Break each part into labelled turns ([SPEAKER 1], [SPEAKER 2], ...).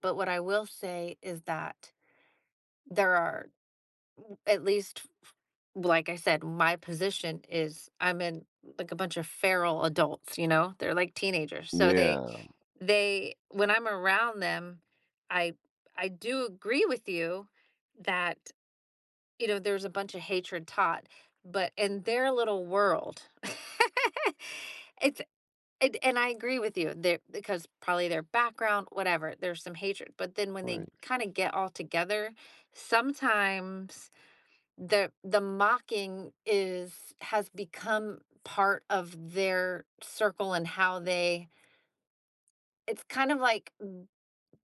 [SPEAKER 1] But what I will say is that, there are r at least, f f like I said, my position is I'm in, like, a bunch of feral adults, you know, they're like teenagers, so they
[SPEAKER 2] Yeah.
[SPEAKER 1] they when I'm around them, I I do agree with you that, you know, there's a bunch of hatred taught, but in their little world, it's and and I agree with you, they're 'cause probably their background, whatever, there's some hatred, but then when they
[SPEAKER 2] Right.
[SPEAKER 1] kinda get all together, sometimes the the mocking is has become part of their circle and how they it's kind of like, m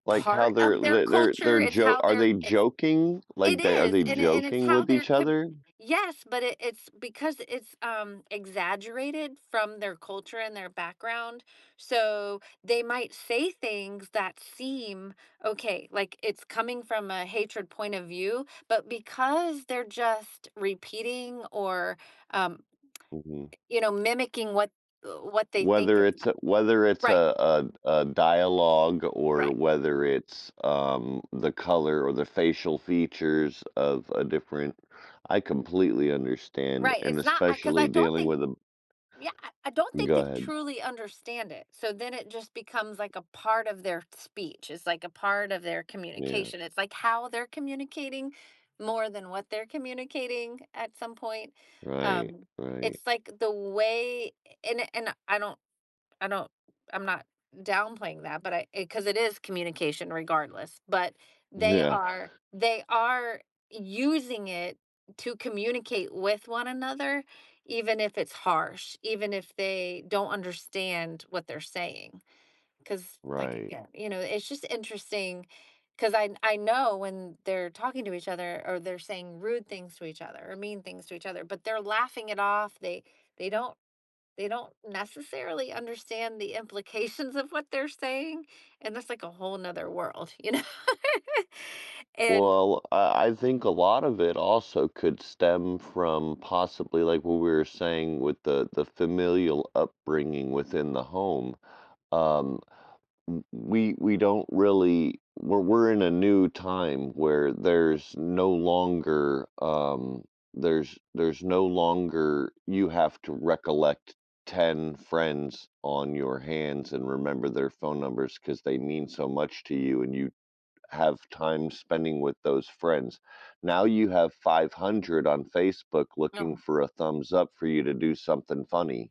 [SPEAKER 2] Like, how
[SPEAKER 1] part
[SPEAKER 2] they're
[SPEAKER 1] of their
[SPEAKER 2] the they're
[SPEAKER 1] culture,
[SPEAKER 2] they're
[SPEAKER 1] it's
[SPEAKER 2] jo
[SPEAKER 1] how
[SPEAKER 2] are
[SPEAKER 1] they're
[SPEAKER 2] they
[SPEAKER 1] it's
[SPEAKER 2] joking? Like,
[SPEAKER 1] It
[SPEAKER 2] they are
[SPEAKER 1] is,
[SPEAKER 2] they
[SPEAKER 1] and it and it's
[SPEAKER 2] joking
[SPEAKER 1] how
[SPEAKER 2] with
[SPEAKER 1] they're
[SPEAKER 2] each other?
[SPEAKER 1] Yes, but it it's because it's, um, exaggerated from their culture and their background, so they might say things that seem Okay, like, it's coming from a hatred point of view, but because they're just repeating or, um,
[SPEAKER 2] Mhm.
[SPEAKER 1] you know, mimicking what w what they think
[SPEAKER 2] Whether
[SPEAKER 1] it's
[SPEAKER 2] it's a
[SPEAKER 1] [unintelligible]
[SPEAKER 2] whether it's
[SPEAKER 1] Right.
[SPEAKER 2] a a a dialogue or
[SPEAKER 1] Right.
[SPEAKER 2] whether it's, um, the color or the facial features of a different I completely understand,
[SPEAKER 1] Right,
[SPEAKER 2] and
[SPEAKER 1] it's not I 'cause
[SPEAKER 2] especially
[SPEAKER 1] I don't
[SPEAKER 2] dealing
[SPEAKER 1] think
[SPEAKER 2] with a
[SPEAKER 1] Yeah, I I don't think
[SPEAKER 2] Go
[SPEAKER 1] they
[SPEAKER 2] ahead.
[SPEAKER 1] truly understand it, so then it just becomes, like, a part of their speech. It's, like, a part of their
[SPEAKER 2] Yeah.
[SPEAKER 1] communication. It's, like, how they're communicating, more than what they're communicating at some point,
[SPEAKER 2] Right,
[SPEAKER 1] um,
[SPEAKER 2] right.
[SPEAKER 1] it's, like, the way and and I don't I don't I'm not downplaying that, but I 'cause it is communication regardless, but they
[SPEAKER 2] Yeah.
[SPEAKER 1] are they are using it to communicate with one another, even if it's harsh, even if they don't understand what they're saying. 'Cause, like,
[SPEAKER 2] Right.
[SPEAKER 1] again, you know, it's just interesting 'cause I I know when they're talking to each other or they're saying rude things to each other or mean things to each other, but they're laughing it off, they they don't they don't necessarily understand the implications of what they're saying, and that's like, a whole 'nother world, you know? And
[SPEAKER 2] Well, uh, I think a lot of it also could stem from, possibly, like, what we were saying with the the familial upbringing within the home, um, we we don't really well, were In a new time where there's no longer, um, there's there's no longer you have to recollect 10 friends on your hands and remember their phone numbers 'cause they mean so much to you and you have time spending with those friends. Now you have 500 on Facebook looking
[SPEAKER 1] No.
[SPEAKER 2] for a thumbs up for you to do something funny.